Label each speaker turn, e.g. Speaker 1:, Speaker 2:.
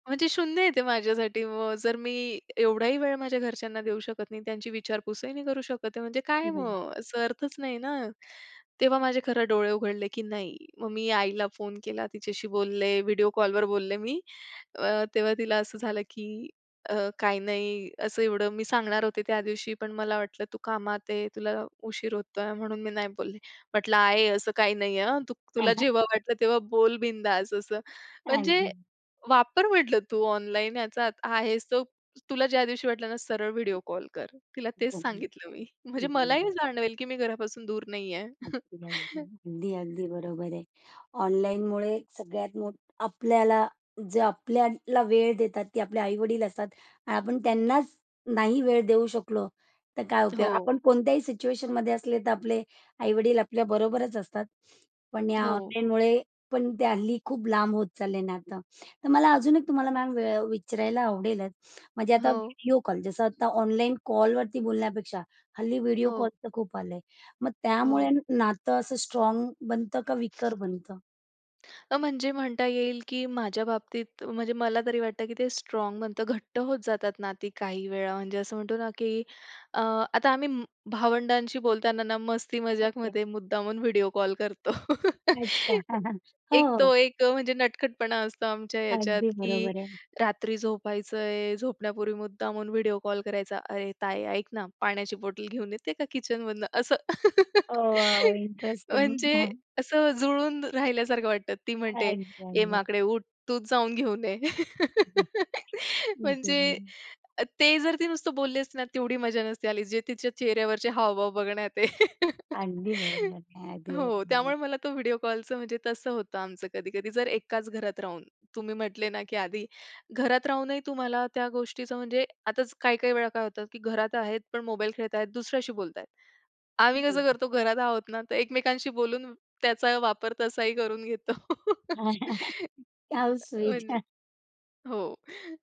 Speaker 1: म्हणजे शून्य आहे ते माझ्यासाठी मग जर मी एवढाही वेळ माझ्या घरच्यांना देऊ शकत नाही, त्यांची विचारपूसही नाही करू शकत आहे, म्हणजे काय
Speaker 2: [unintelligible]
Speaker 1: मग, असं अर्थच नाही ना. तेव्हा माझे खरे डोळे उघडले, की नाही, मग मी आईला फोन केला तिच्याशी बोलले, व्हिडिओ कॉलवर बोलले मी अ, तेव्हा तिला असं झालं की अ, काही नाही, असं एवढं मी सांगणार होते त्या दिवशी पण मला वाटलं, तू कामात आहे, तुला उशीर होतोय म्हणून मी नाही बोलले. म्हटलं "आई असं काही नाहीये हां, तू तुला जेव्हा वाटलं तेव्हा बोल बिनधास्त" असं. म्हणजे
Speaker 2: अगदी.
Speaker 1: वापर म्हटलं, तू ऑनलाईन याचा आहेस तो तुला ज्या दिवशी वाटलं ना, सरळ
Speaker 2: हं,
Speaker 1: व्हिडिओ कॉल कर. तिला तेच
Speaker 2: हं, हं.
Speaker 1: सांगितलं मी. म्हणजे
Speaker 2: हं,
Speaker 1: मलाही
Speaker 2: हं.
Speaker 1: जाणवेल, की मी घरापासून दूर नाहीये.
Speaker 2: [unintelligible] अगदी, अगदी बरोबर आहे. ऑनलाईनमुळे सगळ्यात मोठ आपल्याला जे आपल्याला वेळ देतात ते आपले आई-वडील असतात. आपण त्यांनाच नाही वेळ देऊ शकलो तर काय उपयोग.
Speaker 1: हो.
Speaker 2: आपण कोणत्याही सिच्युएशनमध्ये असले तर आपले आई-वडील आपल्या बरोबरच असतात. पण या
Speaker 1: हो.
Speaker 2: ऑनलाईनमुळे पण ते हल्ली खूप लांब होत चालले नातं. तर मला अजून एक तुम्हाला मॅम वेळ विचारायला आवडेलच म्हणजे आता
Speaker 1: हो.
Speaker 2: व्हिडिओ कॉल, जसं आता ऑनलाईन कॉलवरती बोलण्यापेक्षा हल्ली व्हिडिओ कॉल
Speaker 1: हो.
Speaker 2: तर खूप आले मग त्यामुळे
Speaker 1: हो.
Speaker 2: नातं असं स्ट्राँग बनतं का विकर बनतं?
Speaker 1: अ, म्हणजे म्हणता येईल, की माझ्या बाबतीत म्हणजे मला तरी वाटतं की ते स्ट्राँग बनतं, घट्ट होत जातात नाती काही वेळा म्हणजे असं म्हणतो ना, की अ, आता आम्ही भावंडांशी बोलताना ना, मस्ती
Speaker 2: ओके.
Speaker 1: मजाकमध्ये मुद्दामून व्हिडिओ कॉल करतो.
Speaker 2: अच्छा
Speaker 1: एक
Speaker 2: हो.
Speaker 1: तो एक म्हणजे नटखटपणा असतो आमच्या ह्याच्यात,
Speaker 2: अगदी
Speaker 1: की
Speaker 2: बरोबर आहे.
Speaker 1: रात्री झोपायचंय, झोपण्यापूर्वी मुद्दामहून व्हिडिओ कॉल करायचा, "अरे ताई ऐक ना, पाण्याची बॉटल घेऊन येते का किचन मधनं" असं.
Speaker 2: ओ वॉव इंटरेस्टिंग
Speaker 1: म्हणजे
Speaker 2: हां.
Speaker 1: असं जुळून राहिल्यासारखं वाटतं. ती म्हणते
Speaker 2: अगदी,
Speaker 1: "ए
Speaker 2: अगदी.
Speaker 1: माकडे उठ तूच जाऊन घेऊन ये."
Speaker 2: हं,
Speaker 1: म्हणजे
Speaker 2: [unintelligible]
Speaker 1: अ, ते जर ती नुसतं बोलली असते ना, तेवढी मज्जा नसती आली जे तिच्या चेहऱ्यावरचे हावभाव बघण्यात आहे.
Speaker 2: अगदी बरोबर, अगदी
Speaker 1: हो
Speaker 2: बरोबर.
Speaker 1: त्यामुळे मला तो व्हिडिओ कॉलचं म्हणजे तसं होतं आमचं कधी-कधी जर एकाच घरात राहून तुम्ही म्हंटले ना, की आधी घरात रा हूनही तुम्हाला त्या गोष्टीचं म्हणजे आताच काही-काही वेळा काय होतं की घरात आहेत पण मोबाईल खेळतायेत, दुसऱ्याशी बोलतायेत. आम्ही कसं
Speaker 2: [unintelligible]
Speaker 1: करतो घरात आहोत ना, तर एकमेकांशी बोलून त्याचा वापर तसाही करून घेतो.
Speaker 2: हाऊ स्वीट
Speaker 1: म्हणजे
Speaker 2: हं.
Speaker 1: हो.